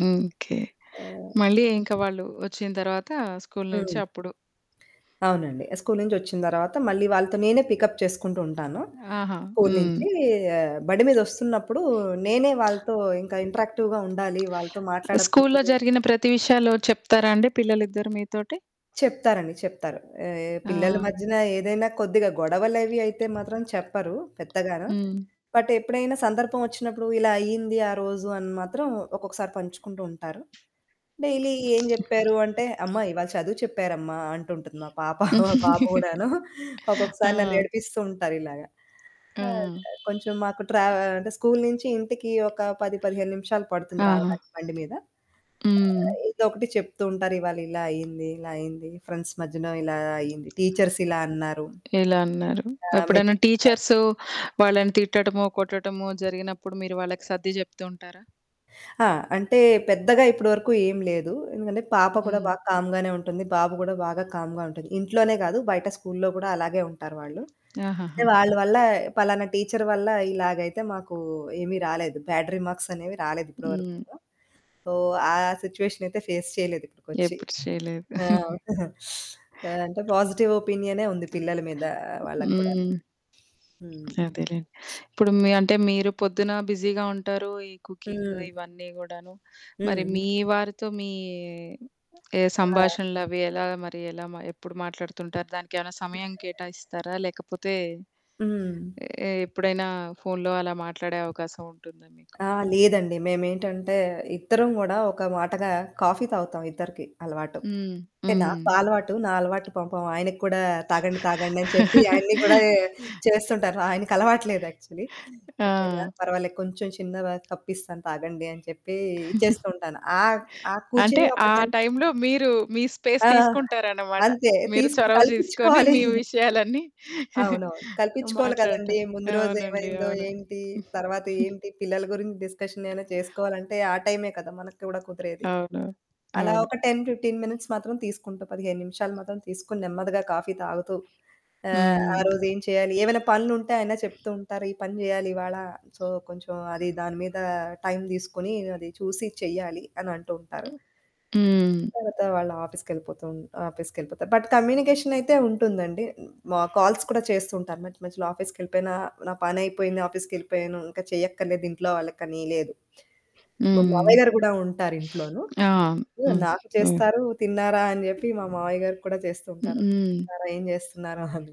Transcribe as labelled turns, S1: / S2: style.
S1: హ్మ్. ఓకే.
S2: ఆ!
S1: మళ్ళీ ఇంక వాళ్ళూ ఒచ్చిన తర్వాతా స్కూల్ నుంచి
S2: హ్మ్.
S1: అప్పుడు.
S2: అవునండి. ఆహ్, స్కూల్ నుంచొచ్చిన తర్వాత మళ్ళీ వాళ్ళతో నేనే పికప్ చేసుకుంటూ ఉంటాను.
S1: ఆహా!
S2: స్కూల్
S1: హ్మ్.
S2: నించీ ఆహ్, బండి మీదొస్తున్నప్పుడూ నేనే వాళ్ళతో ఇంకా ఇంటరాక్టివ్‌గా ఉండాలి. వాళ్ళతో
S1: ఆహ్, స్కూల్లో
S2: మాట్లాడకపోతేనే
S1: జరిగిన ప్రతి విషయాలూ చెప్తారా అండి పిల్లలిద్దరు మీతోటి?
S2: చెప్తారండి. చెప్తారు. ఆహ్,
S1: ఆ!
S2: పిల్లల మధ్యన ఏదైనా కొద్దిగ గొడవలవి అయితే మాత్రం చెప్పరూ పెద్దగాన,
S1: హ్మ్.
S2: బట్ ఎప్పుడైనా సందర్భవొచ్చినప్పుడూ, "ఇలా అయ్యింది ఆ రోజు" అని మాత్రం ఒక్కొక్కసారి పంచుకుంటూ ఉంటారు. డైలీ ఏం జెప్పారు అంటే, "అమ్మా, ఇవాళ చదువు చెప్పారమ్మా" అంటుంటది మా పాప. బాబు గూడాను. ఒక్కొక్కసారి
S1: ఆ!
S2: నన్నేడిపిస్తూ ఉంటారిలాగ.
S1: హ్మ్.
S2: అదె. కొంచెం మాకు ట్రా అంటే, స్కూల్ నించి ఇంటికీ ఒక 10, 15 నిమిషాలు పడుతుంది
S1: ఆహా!
S2: రావడానికి బండి మీద.
S1: హ్మ్.
S2: ఆహ్, ఏదో ఒకటి చెప్తూ ఉంటారు, ఇవాళ ఇలా అయ్యింది, ఇలా అయ్యింది, ఫ్రెండ్స్ మధ్యనో ఇలా అయ్యింది, టీచర్స్ ఇలా అన్నారు.
S1: ఇలా అన్నారు.
S2: ఆ!
S1: ఎప్పుడైనా
S2: మెచ్చుకున్నారు.
S1: టీచర్స్ వాళ్ళని తిట్టటమో, కొట్టటమో జరిగినప్పుడు మీరు వాళ్ళకి సర్ది చెప్తూ ఉంటారా?
S2: ఆ! అంటే, పెద్దగా ఇప్పడవరకు ఏం లేదు. ఎందుకంటే, పాప కూడా
S1: హ్మ్.
S2: బాగా కామ్‌గానే ఉంటుంది, బాబు గూడా బాగా కామ్‌గా ఉంటది. ఇంట్లోనే గాదు, బయట స్కూల్‌లో గూడా అలాగే ఉంటారు వాళ్ళు. ఏ
S1: ఆహాహా!
S2: వాళ్ళ వల్లా పలానా టీచర్ వల్లా ఇలాగైతే మాకూ ఏమి రాలేదు, బ్యాడ్ రిమార్క్సనేవి రాలేదు ఇప్పడవరకు
S1: హ్మ్.
S2: కూడా. ఓహ్, ఆ సిచ్యువేషనయితే ఫేస్ చెయలేదు ఇప్పుడుకొచ్చీ.
S1: ఎప్పుడు చెయలేదు.
S2: ఆహ్, ఆహ్, అంటే, పాజిటివ్ ఒపీనియనే ఉంది పిల్లల మీదా వాళ్ళకు కూడా.
S1: హ్మ్.
S2: హ్మ్.
S1: అదేలేండి. ఇప్పుడు మీ అంటే, మీరు పొద్దునా బిజీగా ఉంటారూ, ఈ కుకింగ్
S2: హ్మ్.
S1: ఇవన్నీ గూడాను. మరి
S2: హ్మ్.
S1: మీ వారితో మీ ఏ
S2: ఆ!
S1: సంభాషణలవి ఎలాగ మరి, ఎలా మ ఎప్పుడు మాట్లాడుతుంటారు? దానికేమైనా సమయం కేటాయిస్తారా, లేకపోతే,
S2: హ్మ్.
S1: ఏ ఎప్పుడైనా ఫోన్‌లో అలా మాట్లాడే అవకాశం ఉంటుందా మీకు?
S2: ఆ! లేదండి. మేమేంటంటే, ఇద్దరం గూడా ఒక మాటగా కాఫీ తాగుతాం, ఇద్దరికీ అలవాటు.
S1: హ్మ్.
S2: టే
S1: హ్మ్.
S2: నాకు ఆ అలవాటు. నా అలవాటు పాపం ఆయనకి కూడా తాగండి, తాగండి అని చెప్పి ఆయన్ని గూడాయే చేస్తుంటాను. ఆయనకలవాటు లేదు యాక్చలీ. కొద్దిగా
S1: ఆ!
S2: పర్వాలే కొంచుం చిన్న వ కప్పిస్తాను తాగండి అని చెప్పీ ఇచ్చేస్తూ ఉంటాను. ఆ ఆ
S1: అంటే,
S2: కూర్చుని ఒక
S1: ఆ
S2: టెన్
S1: టైమ్‌లో మీరూ, మీ స్పేస్
S2: ఆ!
S1: తీసుకుంటారనమాట.
S2: అంతే.
S1: మీరు
S2: తీసుకుని
S1: చొరవ జూసుకొని
S2: కల్పిచ్చుకోవాలి.
S1: మీ విషయాలన్నీ
S2: అవునవును. కల్పిచ్చుకోవాలి
S1: మాట్లాడటం.
S2: కదండీ! ముందు
S1: అవునండి.
S2: రోజేమైందో,
S1: అవును.
S2: ఏంటి, తరవాత ఏంటి, పిల్లల గురించి డిస్కషనేనా చేసుకోవాలంటే ఆ టైమే కదా మనకి కూడా కుదిరేది.
S1: అవును.
S2: అలా
S1: అవును.
S2: ఒక 10, 15 మినిట్స్ మాత్రం తీసుకుంట. 15 నిమిషాలు మాత్రం తీసుకుని, నెమ్మదిగా కాఫీ తాగుతూ, ఆహ్,
S1: హ్మ్.
S2: ఆ రోజేం చెయ్యాలి, ఏవైనా పనులుంటే ఆయనే చెప్తూ ఉంటారు, "ఈ పని జెయ్యాలి ఇవాళ. సో, కొంచెం అదీ దాని మీదా టైమ్ దీసుకొనీ అది చూసి చెయ్యాలి" అనంటూ ఉంటారు.
S1: హ్మ్.
S2: తరవాత వాళ్ళ ఆఫీస్‌కెళ్ళిపోతూన్ ఆఫీస్‌కెళ్ళిపోతారు, బట్ కమ్యూనికేషనయితే ఉంటుందండి. హ్మ్, మాకు కాల్స్ కూడా చేస్తూ ఉంటారు మధ్య మధ్యలో ఆఫీస్‌కెళ్ళిపోయినా. నా పనయిపోయింది, ఆఫీస్‌కెళ్ళిపోయాను, ఇంక చేయక్కర్లేదింట్లో వాళ్ళకనీ లేదు. మా
S1: హ్మ్.
S2: మావయ్య గారు గూడా ఉంటారింట్లోను.
S1: ఆ!
S2: హ్మ్,
S1: హ్మ్.
S2: నాకు
S1: హ్మ్.
S2: చేస్తారు. తిన్నారా అని జెప్పి, మా మావయ్య గారికి కూడా చేస్తూ ఉంటారు,
S1: హ్మ్.
S2: తిన్నారా, ఏం జేస్తున్నారో అని.